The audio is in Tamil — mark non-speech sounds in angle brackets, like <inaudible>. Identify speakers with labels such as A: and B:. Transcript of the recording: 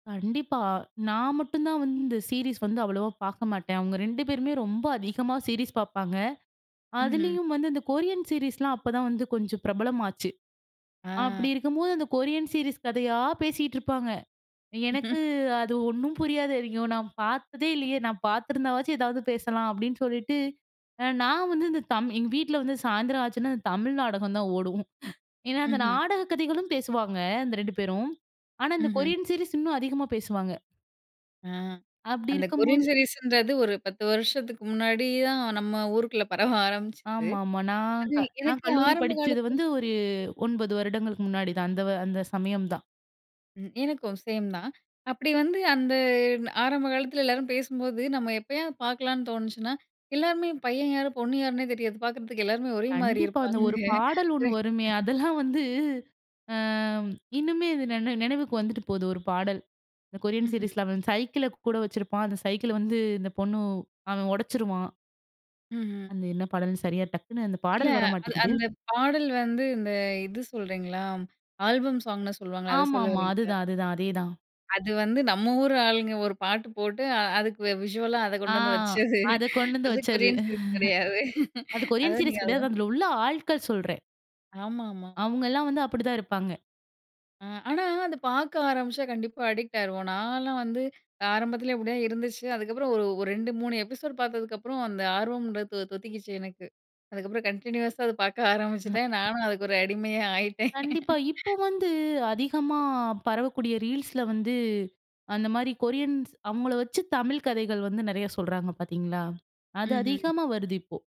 A: கண்டிப்பா. நான் மட்டும் தான் வந்து இந்த சீரிஸ் வந்து அவ்வளவா பாக்க மாட்டேன். அவுங்க 2 பேருமே ரொம்ப அதிகமா சீரிஸ் பாப்பாங்க.
B: ம்ஹ்ம்.
A: அதுலயும் வந்து இந்த கொரியன் சீரிஸ்லாம் அப்ப தான் வந்து கொஞ்சம் பிரபலமாச்சு. அப்பிடி
B: ஆ,
A: இருக்கும்போது அந்த கொரியன் சீரிஸ் கதையா பேசிட்டு இருப்பாங்க. எனக்கு
B: <laughs>
A: அது ஒன்னும் புரியாது. ஐயோ! நான் பாத்ததே இல்லயே! நான் பார்த்துருந்தாவாச்சு எதாவது பேசலாம், அப்பிடின்னு சொல்லிட்டு அ நான் வந்து இந்த தம் எங்க வீட்ல வந்து சாயந்திரம் ஆச்சுன்னா, இந்த தமிழ் நாடகம் தான் ஓடும். ஏன்னா, அந்த
B: ம்ஹ்ம்.
A: நாடகக் கதைகளும் பேசுவாங்க. அந்த 2 பேரும் ஆனா, இந்த
B: ம்ஹ்ம்.
A: கொரியன் சீரிஸ் இன்னும் அதிகமா பேசுவாங்க.
B: ஆ
A: அப்பிடி
B: அந்த கொரியன்
A: இருக்கும்போது
B: சீரிஸ்ன்றது ஒரு 10 வருஷத்துக்கு முன்னாடி தான் நம்ம ஊருக்குள்ள பரவ ஆரமிச்சது.
A: ஆமாமா. நான்
B: அது
A: க நான்
B: எனக்கு
A: கல்லூரி
B: ஆரம்ப
A: படிச்சதுது
B: காலத்தில
A: வந்து ஒரு 9 வருடங்களுக்கு முன்னாடி தான். அந்த வ அந்த சமயம் தான்.
B: ம். எனக்கும் சேம் தான். அப்பிடி வந்து அந்த ஆரம்ப காலத்தில எல்லாரும் பேசும்போது நம்ம எப்பயாவது பாக்கலாம்ன்னு தோணுச்சுனா, எல்லாருமே பையன் யாரு, பொண்ணு யாருன்னே தெரியாது. பாக்குறதுக்கு எல்லோருமே ஒரேமாரி
A: கண்டிப்பா. அந்த
B: இருப்பாங்க.
A: ஒரு பாடல் 1 வருமே!
B: <unintelligible>
A: அதெல்லாம் வந்து இன்னுமே அது நினை நினைவுக்கு வந்துட்டு போகுது ஒரு பாடல். இந்த கொரியன்
B: ம்ஹ்ம்.
A: சீரிஸ்ல அவன் சைக்கிள் கூட வச்சிருப்பான். அந்த சைக்கிள் வந்து இந்த பொண்ணு அவன் உடைச்சிருவான்.
B: ம்ஹ்ம்.
A: அந்த என்ன பாடல்ன்னு சரியா, டக்குனு அந்த
B: இல்ல,
A: பாடல் வர
B: அது
A: மாட்டிக்கிது.
B: அந்த பாடல் வந்து இந்த இது சொல்றீங்களா! ஆல்பம் சாங்ன்னு சொல்லுவாங்களே! அத சொல்ல
A: ஆமாமா.
B: வரீங்களா?
A: அதுதான், அதுதான். அதேதான்.
B: அது வந்து நம்ம ஊர் ஆளுங்க ஒரு பாட்டு போட்டு, அ அதுக்கு விஷுவலா அத
A: ஆ
B: கொண்டு வந்து வச்சது,
A: அத கொண்டு வந்து
B: அது
A: வச்சது
B: கொரியன்ஸ் சீரீஸ் கிடையாது.
A: <laughs> அது
B: அத
A: கொரியன்
B: நீங்க
A: சீரிஸ் கிடையாது.
B: <unintelligible>
A: அதுல உள்ள ஆட்கள் சொல்றேன்.
B: ஆமாமா.
A: அவுங்கலாம் வந்து அப்பிடி தான் இருப்பாங்க.
B: அ ஆனா அத பாக்க ஆரமிச்சா கண்டிப்பா, அடிக்ட் ஆயிருவோம். நான்லாம் வந்து ஆரம்பத்தில இப்பிடிதான் இருந்துச்சு. அதுக்கப்புறம் ஒரு, ஒரு 2, 3 எபிசோடு பாத்ததுக்கு அப்புறம் அந்த ஆர்வம்ன்றது தொ தொத்திக்கிச்சு எனக்கு. அதுக்கப்புறம் கன்டினியூஸா அத பாக்க
A: அ,
B: ஆரமிச்சுட்டேன். நானும் அதுக்கு ஒரு அடிமையா ஆயிட்டேன்
A: கண்டிப்பா. இப்போ
B: <laughs>
A: வந்து அதிகமா பரவக்கூடிய ரீல்ஸ்ல வந்து அந்தமாரி கொரியன்ஸ் அவுங்கள வச்சு, தமிழ் கதைகள் வந்து நெறையா சொல்றாங்க பாத்தீங்களா? அது
B: ம்ஹ்ம்.
A: அதிகமாக வருது இப்போ.